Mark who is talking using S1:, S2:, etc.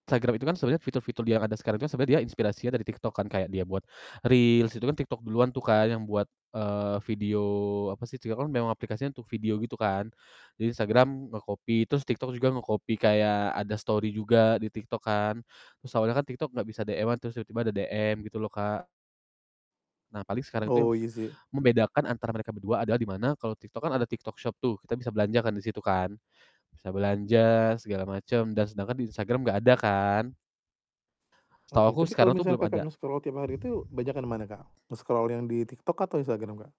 S1: Instagram itu kan sebenarnya fitur-fitur di yang ada sekarang itu kan sebenarnya dia inspirasinya dari TikTok kan, kayak dia buat Reels, itu kan TikTok duluan tuh kan yang buat, eee, video apa sih TikTok kan memang aplikasinya untuk video gitu kan. Jadi Instagram nge-copy, terus TikTok juga nge-copy kayak ada story juga di TikTok kan. Terus awalnya kan TikTok gak bisa DM-an terus tiba-tiba ada DM gitu loh, Kak. Nah, paling sekarang itu yang
S2: Oh, iya sih.
S1: membedakan antara mereka berdua adalah di mana kalo TikTok kan ada TikTok Shop tuh, kita bisa belanjakan di situ kan. Bisa belanja segala macem dan sedangkan di Instagram gak ada kan. Setahu
S2: Oke,
S1: aku
S2: tapi kalau
S1: sekarang tuh
S2: misalnya
S1: belum
S2: Kakak
S1: ada.
S2: nge-scroll tiap hari itu banyakan mana, Kak, nge-scroll yang di TikTok atau Instagram, Kak?